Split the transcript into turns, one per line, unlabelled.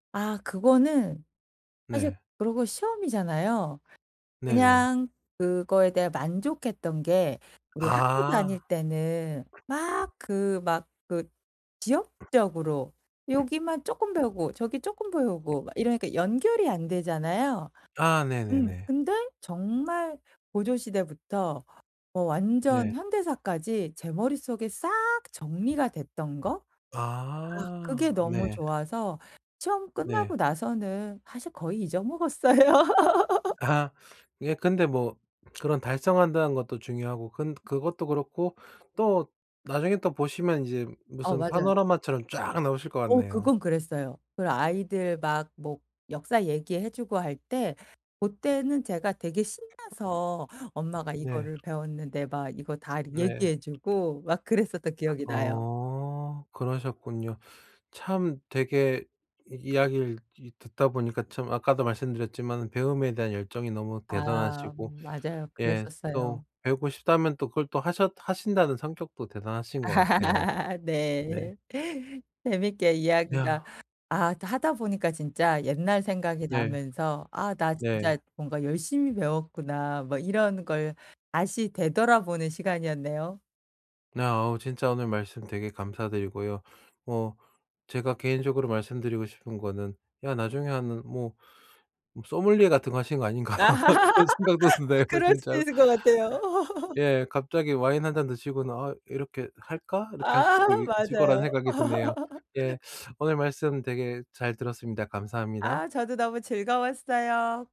아 그거는 사실
네.
그러고 시험이잖아요.
네네.
그냥 그거에 대해 만족했던 게 우리 학교
아.
다닐 때는 막 그 막 그 지역적으로 여기만 쪼끔 배우고 저기 쪼끔 배우고 막 이러니까 연결이 안 되잖아요.
아
음
네네네.
근데 정말 고조 시대부터 어 완전
네.
현대사까지 제 머릿속에 싹 정리가 됐던 거. 아 그게
아
너무
네.
좋아서 시험
네.
끝나고 나서는 사실 거의 잊어먹었어요.
아. 예 근데 뭐 그런 달성한다는 것도 중요하고 근 그것도 그렇고 또 나중에 또 보시면 이제
어
무슨
맞아요.
파노라마처럼 쫙 나오실 것
어
같네요.
그건 그랬어요. 그리고 아이들 막 뭐 역사 얘기해 주고 할 때 고때는 제가 되게 신나서 "엄마가
네.
이거를 배웠는데." 막 이거 다 이렇게
네.
얘기해 주고 막 그랬었던 기억이 나요.
어 그러셨군요. 참 되게 이 이야기를 이 듣다 보니까 참 아까도 말씀드렸지만은 배움에 대한 열정이 너무
아
대단하시고
맞아요.
예 또
그랬었어요.
배우고 싶다면 또 그걸 또 하셨 하신다는 성격도 대단하신 것 같아요. 네.
네. 재밌게
야.
이야기가 아 또 하다 보니까 진짜 옛날 생각이
네.
나면서 '아 나
네.
진짜 뭔가 열심히 배웠구나.' 막 이런 걸 다시 되돌아보는 시간이었네요.
네. 어 진짜 오늘 말씀 되게 감사드리고요. 뭐 제가 개인적으로 말씀드리고 싶은 거는 야 나중에 하는 뭐 뭐 소믈리에 같은 거 하시는 거 아닌가
아
그런 생각도 드네요
그럴 수도
진짜로.
있을 것 같아요.
예. 갑자기 와인 1 잔 드시고는 '아 이렇게 할까?' 이렇게 하실
아
수도 있을 거라는
맞아요.
생각이 드네요. 예. 오늘 말씀 되게 잘 들었습니다. 감사합니다.
아 저도 너무 즐거웠어요.